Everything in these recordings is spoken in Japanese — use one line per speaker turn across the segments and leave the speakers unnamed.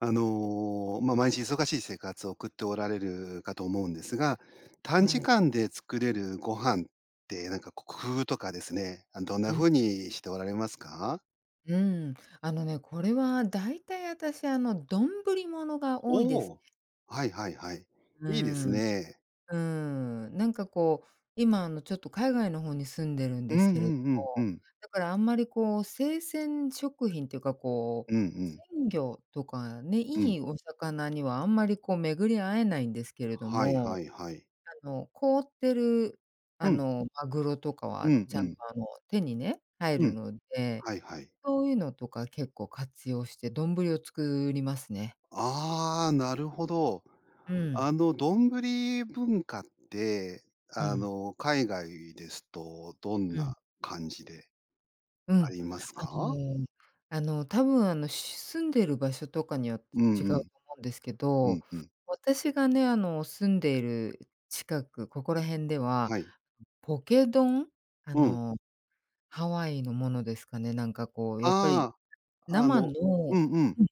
あの、ま、毎日忙しい生活を送っておられるかと思うんですが、短時
はい。
間で作れるご飯って、なんかこ、工夫とかですね、あのどんな
うん。
風にしておられますか？
うん、あのね、これは、だいたい、あたし、あの、どんぶりものが多いで
お
す。
お、はいはいはい。
うー
いいです
ん、う
ね。
ーん、なんかこう、今、あの、ちょっと海外の方に住んでるん
う
で
ん
すけ
う
れど、
んうんうん。
だからあんまりこう、生鮮食品っていうか、こ
うんうん。
う、鮮魚とかね、
う
い
ん。
いお魚にはあんまり、こう、巡り合えないんですけれど
はい
も、
はいはい。
あの、凍ってる、あ
うん。
の、マグロとか
う
は
ん
ち
う
ゃんと、
ん。
あの、手にね、入
う
る
ん。
ので、
はいはい。
そういうのとか結構活用して、どんぶりを作りますね。
ああ、なるほど。
うん。
あの、どんぶり文化って、
う
あ
ん。
の、海外ですと、どん
うん。
な感じで
う
あ
ん、
ります
あ
か？
の、あの、多分、あの、し住んでる場所とかによっ
うん
て違うと
うん。
思うんですけ
うん
ど、
うん。
私がね、あの、住んでいる近く、ここら辺では、
はい。
ポケ丼、あ
うん。
の、ハワイのものですかね、なんか、こう、やっぱり、
ああ、あ
生
の、
の
うんうん。
うん、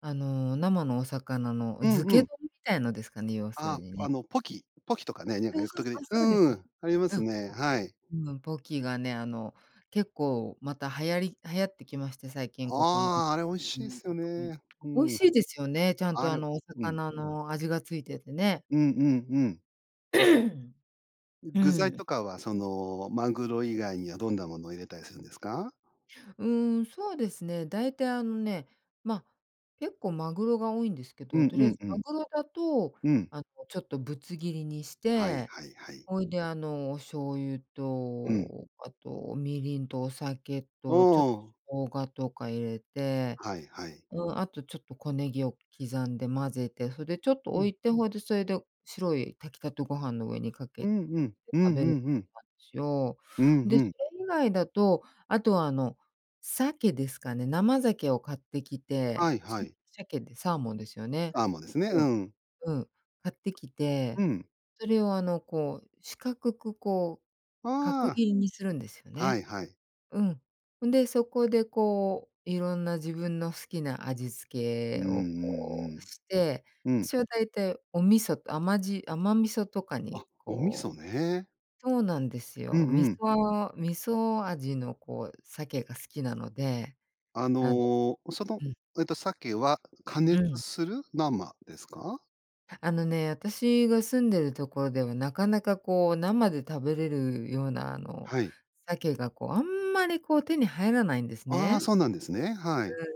あの、生のお魚の
うん
漬
う
け
ん。
丼みたいのですかね、要する
あ、
に
あ
ね。
の、ポキポキとかね、なんか
そう
よく、
そ
と
う
き
そ
どき、
う、そうで
う
す。
ーん、ありますね。はい。
うん、ポキがね、あの、結構また流行り流行ってきまして、最近ここの、
ああ、あれ美味しいっすよ ね。う
美味
ん。
しいですよね、ちゃん
あ
と、あ
れ
の、お
うん。
魚の味がついててね。
うんうんうん。
う
具材
ん。
とかは、その、マグロ以外にはどんなものを入れたりするんですか？
うーん、そうですね、だいたい、あのね、ま、結構マグロが多いんですけ
う
ど、
ん
と
う
りあえ
ん
ず
う
マ
ん。
グロだと、
うん。
あの、ちょっとぶつ切りにし
はい
て、
はいはい。
ほいで、あの、お醤油
うん。
とあとみりんとお酒
う
と、ちょっ、
ん。
生姜とか入れて
はいはい。
うん、あと、ちょっと小ネギを刻んで混ぜて、それでちょっと
う
置
ん。
いて、ほいで、そいで白い炊きたてご飯の上にか
う
けて
んうん。う
食
んう
べる
んうん。
しを、
うん
で、
う
そ
ん。
れ以外だと、あとはあの鮭ですかね、生鮭を買ってき
は
て、
いは い。
鮭でサーモンですよね。
サーモンですね、
う
う
ん、
ん。
うん、買ってき
う
て、
ん。
それをあの、こう、四角くこう角
あ
切りにするんですよ
あ。は
ね。
いはい。
うん。うんで、そこでこう、いろんな自分の好きな味
う
付
んう
けを、こう、
ん
して、
うん。うん。
私はだいたいお味噌と、甘じ甘味噌とかに、
あ、お味
こう
噌ね。
そうなんです
う
よ。味
んうん。
噌味噌味の、こう、鮭が好きなので、
あ
あの
の、その、
うん。
えっと、鮭は、加
う
熱
ん。
する？生ですか？
あのね、私が住んでるところでは、なかなかこう、生で食べれるような、あの、
はい。
鮭がこう、あんまり、こう、手に入らないんです
ああ、
ね。
そうなんですね。はい。
うん。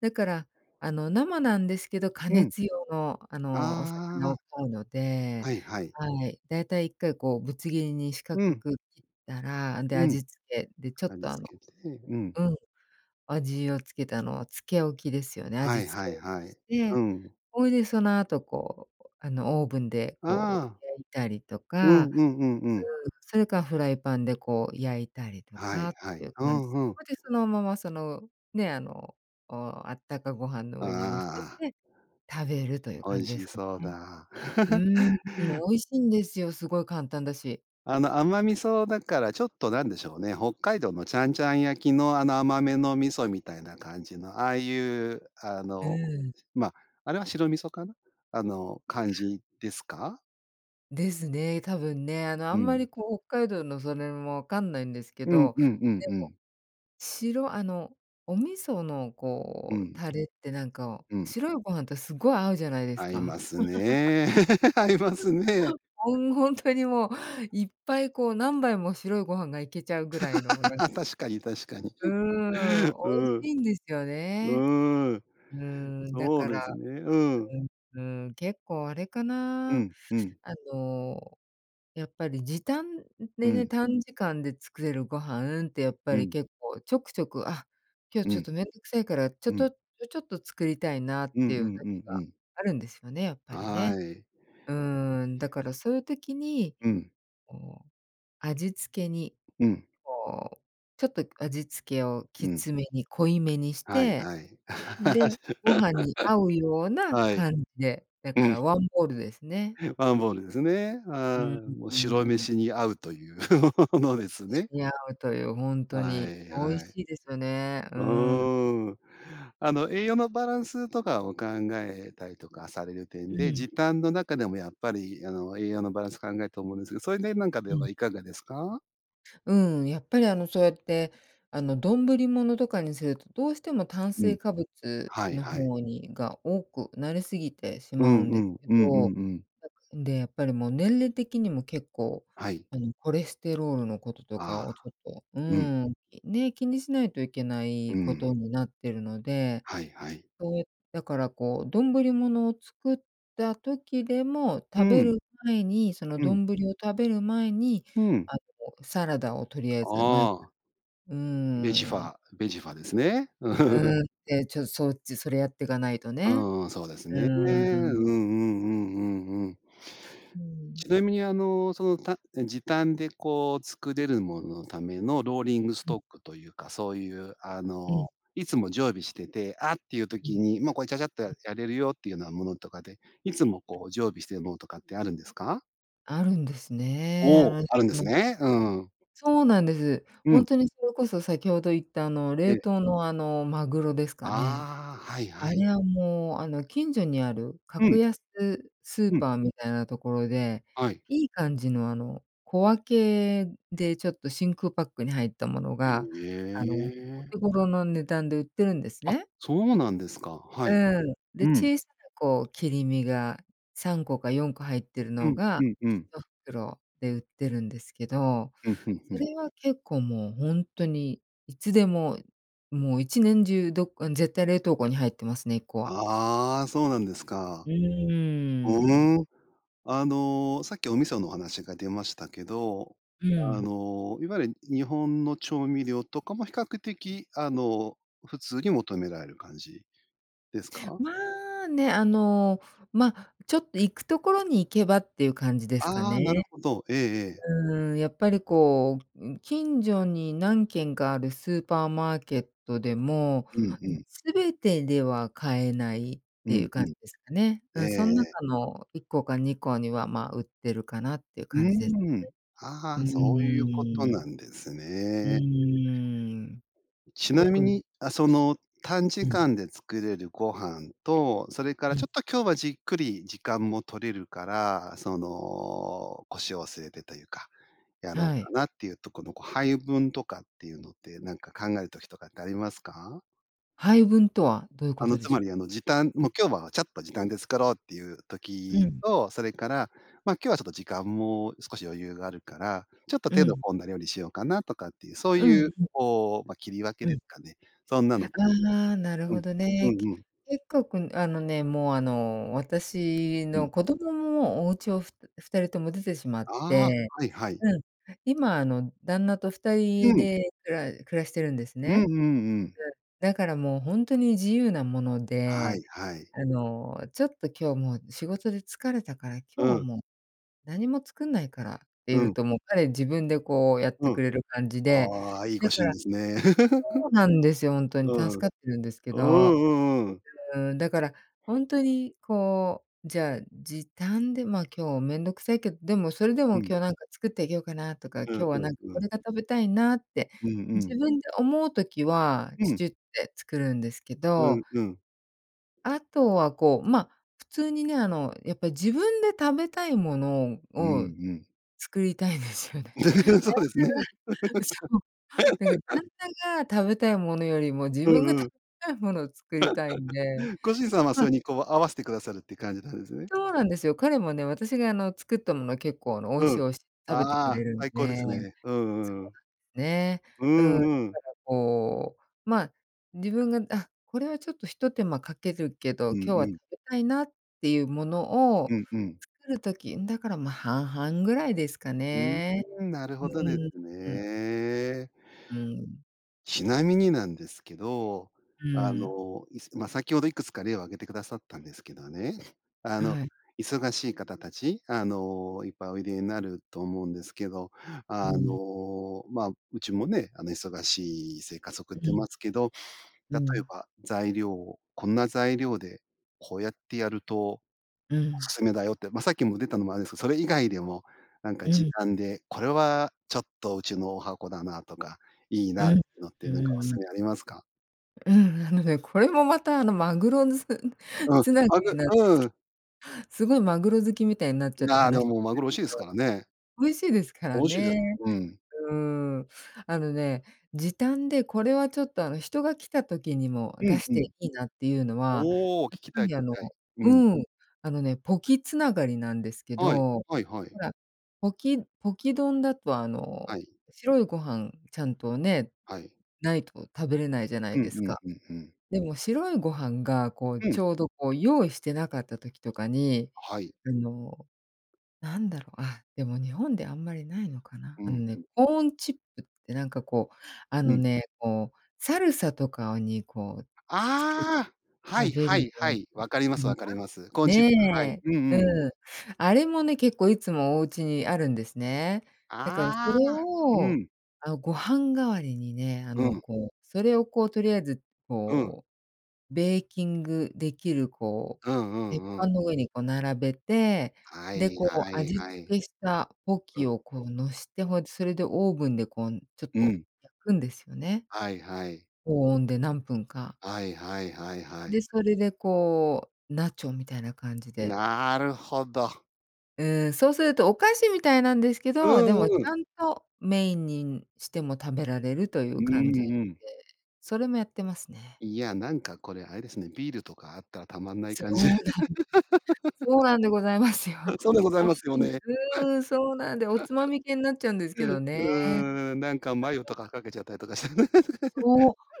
だからあの、生なんですけど、加
うん。
熱用の、あの、お
あ
魚を
あ。
買うので、
はいはい。
はい、だいたい1回こう、ぶつ切りに四角
うん。
く切ったら、あんで、
うん。
味付けでちょっ
味
とあの
付けて。うんうん。
うん、味をつけたのを漬け置きですよね。
は
味、
い
漬
は
け
い
置き
はい。
し
う
て、
ん。
ほいで、その後こう、あの、オーブンでこ
ああ。
う、焼いたりと
うん
か
うんうんうん。
うーん、それかフライパンでこう、焼いたりと
は
か
い
っ
は
てい
い。
う
う
感じ。
んうん。
ほうでそのままそのね、あの、お、あったかご飯の上に乗せ
ああ。
て食べるという
お
感
い
じで
し
すか
そう
ね。
だ。
うーん。美味しんですよ、すごい簡単だし。
あの、甘味噌だからちょっとなんでしょうね、北海道のちゃんちゃん焼きの、あの甘めの味噌みたいな感じの、ああいう、あ
う
の、
ーん。
しま、あれは白味噌かな、あの感
ああ。
じですか？
ですね、多分ね、あの、あ
う
んま
ん。
りこう、北海道のそれもわかんないんですけ
うん
ど、
うんうん
で
う
も、
ん。
しろあの、お味噌の
う
こう、
ん。
タレってなんか
うん。
白いご飯とすごい合うじゃないです
合いま
か。
すね、合いますね。
ほんほんとにもう、いっぱいこう何杯も白いご飯がいけちゃうぐらいのなん
確かに確かに。
うーん、
う
美味
ん、
しいんですよね。
うーん。
うーん。だ
そう
か
で
ら、
すね、うん。
うんうん。結構あれか
う
な。
んうん。
あの、やっぱり時短
う
でね、
ん。
短時間で作れるご飯って、やっぱ
う
り
ん。
結構ちょくちょく、あ、今日
う
ちょっ
ん。
と面倒くさいから、ちょ
う
と
ん。
ちょちょっと作りたいなっ
うん
て
う
いう時
んうんう
が
ん。
あるんですよね、やっぱりね。
はい。
うーん、だからそういう時に、
うん。
こう味付けに、
うん。
こうちょっと味付けを
う
き
ん。
つめに、濃いめにし
はい
て、
はい。
で、ご 飯に合うような
はい。
感じで、だ
う
か
ん。
らワンボールですね。
ワンボールですね、
う
ああ。
ん、う
もう、
ー
白
ん。
飯に合うという の
白
ですね。
飯に合うという、ほんと
は
に
い
美味
はい。
しいですね、うー
う
ん。
ーん。あの栄養のバランスとかを考えたりとかされる点
う
で、
ん。
時短の中でもやっぱり、あの、栄養のバランス考えると思うんですけど、それでなんかで
う
は
ん。
いかがですか？
うん、やっぱりあの、そうやって、あの、どんぶりものとかにするとどうしても炭
うん。
水化物
はい
の
はい。
方にが、多くなりすぎてし
う
まう
ん
ん
う
です
ん、
け
うんうん
ど、
うん。
なんで、やっぱりもう年齢的にも結構、
はい。
あの、コレステロールの事とか
あ
を、ち
あ、
ょっと、うー
うん。
ん、ね、気にしないといけな
う
い
ー
こ
ん。
とになってるので、
はいはい。
そう、だから、こう、どんぶりものを作った時でも、
う
食べ
ん。
る前にその
う
ど
ん。
んぶりを食べる前に、
うん。
あの、サラダをとりあえず、まえ
ああ。
うー
ベジフ
ん。
ァー、ベジファですね。
うん、ね。ちょっと、そっちそれやっていかないとね。
うん、そうです
う
ね。うんうんう
ーん。
んうんうん。
うー
ち
ん。
なみに、あの、その、たん時短で、こう、作れるもののためのローリングス
うん。
トックというか、そういう、あ
うん。
の、いつも常備してて、あっていう
うん。
時に、もうこれ、チャチャっと、
う
や
ん。
やれるよっていうようなものとかで、いつも、こう、常備してるものとかってあるんですか？
あるんですね。
お
あ
お、あるんです
の
ね。うん。
そうなんです。
う
ほん
ん。
とにそれこそ先ほど言った、あの、
え
冷
え。
凍の、あの、マグロですかね。
ああ、はい
あ
はい。
れはもう、あの、近所にある
う
格
ん。
安スー
うん。
パーみたいなところで、
はい。
いい感じの、あの、小分けでちょっと真空パックに入ったもの
へ
が、あの、お
え。
手頃の値段で売ってるんです
あ、
ね。
そうなんですか。は
う
いは
ー
い。
ん、で、
うん。
小さな、こう、切り身が、3個か4個入ってる
う
の
ん、
が、
うんうん。
一袋で売ってるんですけど、
うん、ふんふ
そ
ん。
れは結構、もうほんとにいつでも、もう、一年中、どうん、絶対、冷凍庫に入ってますね。1個は。
ああ、そうなんです
う
か。ふ
ーん。
ーん。あの、さっき、お味噌の話が出ましたけど、
う
あ
ん。
の、いわゆる日本の調味料とかも、比較的、あの、普通に求められる感じですか？
まあね、あの、ま、ちょっと行くところに行けばっていう感じですか
ああ、なる
ね。
ほど。ええええ。
うーん。やっぱり、こう、ん、近所に何軒かあるスーパーマーケットでも、
うんうん。
全てでは買えないっ
う
てい
ん
う
う
感じ
ん。
ですかね。う
えええ
ん、そん
え。
中の1個か2個には、ま、売ってるかなっていう
う
感じです
ーん。あ
ね。う
あ、そういうこと
ー
な
ん。
んです
う
ね。
ーん。
ちなみ
特にす
に、あ、その短時
うん。
間で作れるご飯と、それか
う
らち
ん。
ょっと、今日はじっくり時間も取れるから、その、腰を据えてというか、やろ
は
うか
い。
なっていうとこの、こう、配分とかっていうのって、なんか考える時とかってありますか？
配分とはどういう
あ
こ
の、
とで
つ
し
ま
ょ
りあの、時短、
う？う
「も
ん。
う、今日はちゃっと時短で作ろう」っていう
う
時
ん。
と、それから、「ま、今日はちょっと時間も少し余裕があるから、ちょっと
う
手の
ん。
込んだ料理しようかな」とかっていう、そう
うん
い
う
う、
ん。
こう、ま、切り分け
う
で
ん。
すかね。そんなの
ああ、なる
う
ほ
ん、
ど
う
ね。け
んうん。
結構、くんあのね、もう、あの、私
うん。
の子供ももう、お家をふ2人とも出てしまっ
ああ。
て、
はいはい。
うん、今あの、旦那とふた
う
り
ん。
でくら暮らしてるんです
う
ね。
んうんうん。
で、だからもうほんとに、自由なもの
は
で、
いはい。
あの「ちょっと今日もう仕事で疲れたから、今日
う
は
ん。
もう何も作んないから」って
う
言う
ん。
と、もう、彼自分でこう、やっ
う
て
ん。
くれる感じで、
ああ、いいご
だ
主
か
人
ら
ですね。
そうなんですよ、ほんとに
う
助
ん。う
かってるんですけ
ー
ど。
ん。うんうん。
うーん。だから、ほんとにこう、じゃあ時短で、「ま、今日面倒くさいけど、でもそれでも
うん。
今日なんか作ってあげようかな」とか、
うん
「今日は
うん
何か
う
こ
ん。
れが食べたいな」って
うんうん。
自分で思う時は、
う
ちゅ
ん。
ちゅって作るんですけ
う
ど。
んうん。
あとは、こう、ま、普通にね、あのやっぱり自分で食べたいもの
うん
を
うん。
作りたいんですよね。
そうですね。
旦那が、そう、なんか 旦那が食べたいものよりも、自
う
分が
ん
食
うん。
べたいものを作りたいんで。
ご主人さんは、そ
ま
れにこう、合わせてくださるっていう感じなんですね？
そうなんですよ。彼もね、私があの作ったものは結構あの「美味し
う
い、
ん。
美味し」食べてく
あ
れ
あ、
るん
最高で
で、
すね。う
そ
んうん。
うな、ね。
う
う
ん
ん、だか
うん。
らこう、ま、自分が「あ、これはちょっと一手間かけるけど、
うん
今日は
う
食
ん。
べたいな」っていうものを
うんうん。
作る時、うん、だから、ま、半々ぐらいですか
う
ね。
ーん、なる
う
ほどで
ーん。
す
うん。
ね。
うん。
ちなみになんですけど、
うー
あ
ん。
の、いすま、先ほどいくつか例を挙げてくださったんですけどね、あの、
はい。
忙しい方たち、あの、いっぱいおいでになると思うんですけど、
う
あ
ん。
の、ま、うちもね、あの忙しい生活送っ
う
てま
ん。
すけど、
う
例え
ん。
ば材料を、こんな材料でこうやってやると
う
お
ん。
勧めだよって、ま、さっきも出たのもあるんですけど、それ以外でもなんか
う
時
ん。
短で、これはちょっと、うちの十八番だなとか、いい
う
なって
ん、
のって
う
な
ん
んかお
うん。
勧めありますか？
ううん、あのね、これもまた、あの、マグロのすん、
うん、
繋が
あぬ
りなんです
うー
け
ん。
すごいマグロ好きみたいになっち
い
ゃって
や、で
話し
もマグロ美味しいですか らね。
美味しいですか
美
ら
味しいです、
ね、
うん。
うーん。あのね、時短でこれはちょっと、あの、人が来た時にも
う
出
ん、
し
う
て
ん。
いいなっていうのは、
おお、
やっ
聞きた
ぱ
い、聞
り、
き
あの
たい。うん。
うん、あのね、ポキ繋がりなんですけ
はい、
ど、
はいは
ほ
い。
ら、ポキポキ丼だと、あの、
はい。
白いご飯、ちゃんとね、
はい。
ないと食べれないじゃない
うん
です
う
か。
んうんうん。
でも、白いご飯が、こう、
う
ち
ん。
ょうど、こう、用意してなかった時とかに、
はい。
あの、なんだろうあ、でも日本であんまりないのかな、
う
あの
ん、
ね、
うん。
コーンチップって、なんかこう、あ
う
の
ん。
ね、こう、サルサとかをに、こう、つけ
ああ、は
食
い、
べる
は
よ
い、
う
は
な
い、わかります、
国
わか
は、
ります。コーンチップ、はい。
ね、
うんうん。
うん。あれもね、結構いつもおうちにあるんですね。だからそれ
ああ、う
を、
ん。
あの、ご飯代わりにね、あ
う
の、
ん。
こう、それを、こう、とりあえず、
うん。
こう、ベーキングできる、こ
うんう
う、
ん
鉄
う
板
ん。
の上に、こう、並べて、
は
で、
い、
こ
は
う、
い、
味付
はい。
けしたポ
うう
キ
ん。
を、こう、のして、ほうそれでオーブンで、こう、ん、ちょっ
う
と
ん。
焼くんですよね。
はいはい。
高温で何分か。
はいはいはいは
で、
い。
それで、こう、ナチョみたいな感じで
なるほど。
うーん、そうするとお菓子みたいなんですけ
う
ど、でもち
んうん。
ゃんとメインに、ん、しても食べられるとい
う
う感じ、で、
んうん。
それもやってますね。
いや、なんかこれあれですね、ビールとかあったらたまんない
そ
感
う
じ。
なん そうなんでございますよ。
そうでございますよ
美味しい。
ね。
うーん、そうなんでおつまみ系になっちゃうんですけど
う
ね。
ーん、なんかマヨとか かけちゃったりとかしてね。
そ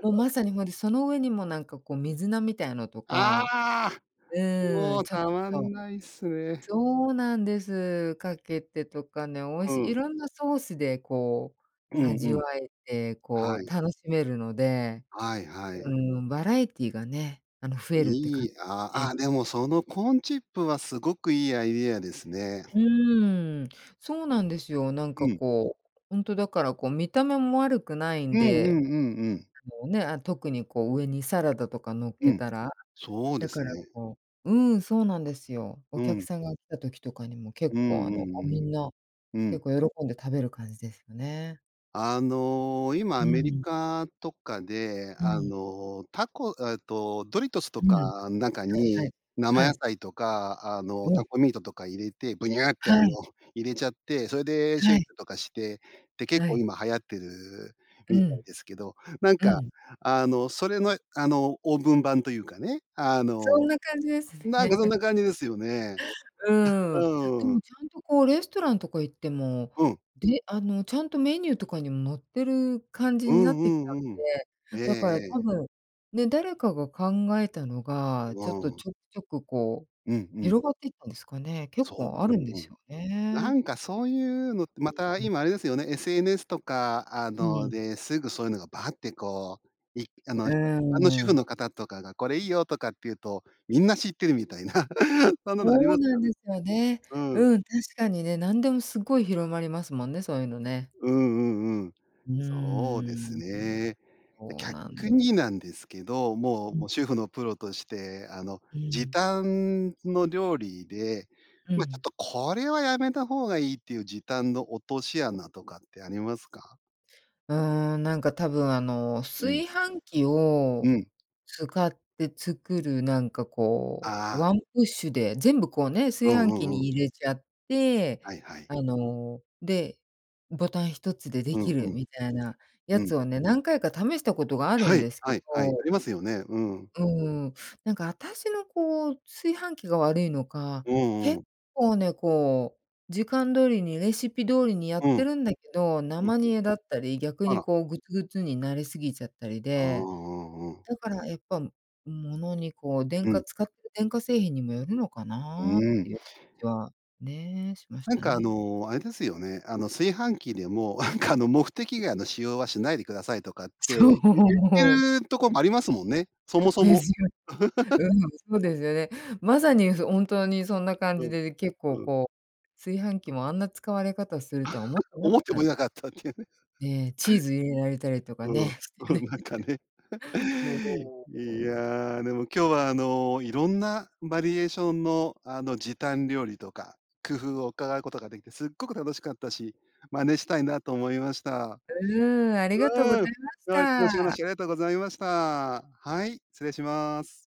う、もう まさにほんと、その上にもなんかこう水菜みたいのと
あ
か。
あ！
うー
も
ん、
う
ちょっ
たまん
と。
ないっすね。
そうなんです。かけてとかね、美味
う
しい、い
ん。
ろんなソースでこ
う
う
んう
味わ
ん。
えて、こ
は
う
い。
楽しめるので。
はいは
う
い。
ん、バラエティーがね、あの増えるって感
い
じ
いあ
です
あ、
ね。
あ、でもそのコーンチップはすごくいいアイディアですね。
うーん、そうなんですよ。なんか
うん。
こう、ほんと、だからこう見た目も悪くない
う
ん
んうんうん
で。
うん。
こうね、特にこう上にサラダとか乗っ
う
け
ん、
たら。
そうで
だか
す
ら
ね。
こう、うーん、そうなんですよ。お
う
客
ん。
さんが来た時とかにも結
うん
構
う
あの、
ん
あ、
う
み
ん。
んな
う
結
ん。
構喜んで食べる感じですよね。
あの、今ア
う
メリ
ん。
カとかで、
う
あ
ん。
の、タコえっと、ドリトスと
うん。は
か、ん中
いは
に
い、
生
は
野
い。
菜とか、あの、
うん。
タコミートとか入れて、ぶにゃってあ
は
の、
い。
入れちゃって、それでシェ
は
イ
い。
クとかして、って結
は
構
い。
今流行ってる
う
みたい
ん。
ですけど、なん
う
か、
ん。
あの、それの、あの、オーブン版というかね、あ
そん
の
な感じです
なんかそん
ね。
な感じですよね。
う
う、
ん、で
うん。
もちゃんとこうレストランとか行っても、
うん。
であのちゃんとメニューとかにも載ってる感じ
う
にな
ん
ってきた
う
ん
んうん。え
で。
え
だから多
ええ。
分、ね、誰かが考えたのが、
う
ちょっ
わ
と
ん。
ちょくちょくこう
うんうん。
広がっていったんですかね、結
そ
構あ
う、う
るんで
んう
す
ん。
よ
な
ね。
んかそういうのって、
う
ま
ん
た
うん。
今あれですよね、SNS とか、あ
う
の、
ん。
で、すぐそういうのがバーってこう、いあ
う
の、
ー
一般の主婦
ん。
の方とかがこれいいよとかって言うと、みんな知ってるみたいな、そんなのあり
そ
ま
う
す
なん
よね。
ですよね。
うん。
うん、確かにね、なんでもすっごい広まりますもんね、そういうのね。
うんうんうん。
う
そうです
ーん、
ね。で、
そうなん
逆
で
に
す。
なんですけど、もう
う
もう
ん。
主婦のプロとして、あの、
う
時
ん。
短の料理で、
う
ま、ちょっ
ん。
とこれはやめた方がいいっていう時短の落とし穴とかってありますか？
うーん、なんか多分あの
うん。
炊飯器
う
を
ん。
使って作るなんかこう
あ
ワ
あ。
ンプッシュで全部こうね、
う
炊
ん
飯
う
器
んうん。
に入れちゃって、
はいはい。
あの、で、ボタン一つでで
う
き
んう
る
ん。
みたいなや
う
つ
ん。
をね、何回か試したことがある
は
ん
い、
ですけ
はいはい。
ど
ありますよね。うん。
うーん、なんかあたしのこう炊飯器が悪いのか、
うん
結
うん。
構ね、こう、時間通りにレシピ通りにや
う
っ
ん。
てるんだけど、
うん
生
う
煮
ん。
えだったり、逆
あ
に
ら。
こうグツグツになりすぎちゃったり
ああ、う
で、
んうん。
だからやっぱ物にこう電
う
化
ん。
使ってる電化製品にもよるのか
う
なっ
ーん。
ていう感じはね、しまし
なん
た
か、あ
ね。
の、あれですよね、あの、炊飯器でも、なんかあの、目的外の使用はしないでくださいとかって、
そう。
ゆ言
うん。
ってるとこもありますもんね。そ もそ
で
も。
すよ。う ん、そうですよね。まさに、ふ本当にそんな感
う
じ
ん、
で、で、結構
うん。
こう、炊飯器もあんな使われ方をするとは思っ てな
思
か
っ
っ
ても
た。
いなかったっていう。
ええ、チーズ入れられたりとか
うん、
ね。して
うん、
ね。
なんかね。
もう、う
い
ん。
や、でも今日はあのいろんなバリエーションのあの時短料理とか、工夫を伺うことができて、すっごく楽しかったし、真似したいなと思いました。
うーん、ありが
う
とうご
ん、
ざいまし
はい、詳しい
た。
話ありがとうございました。はい、失礼します。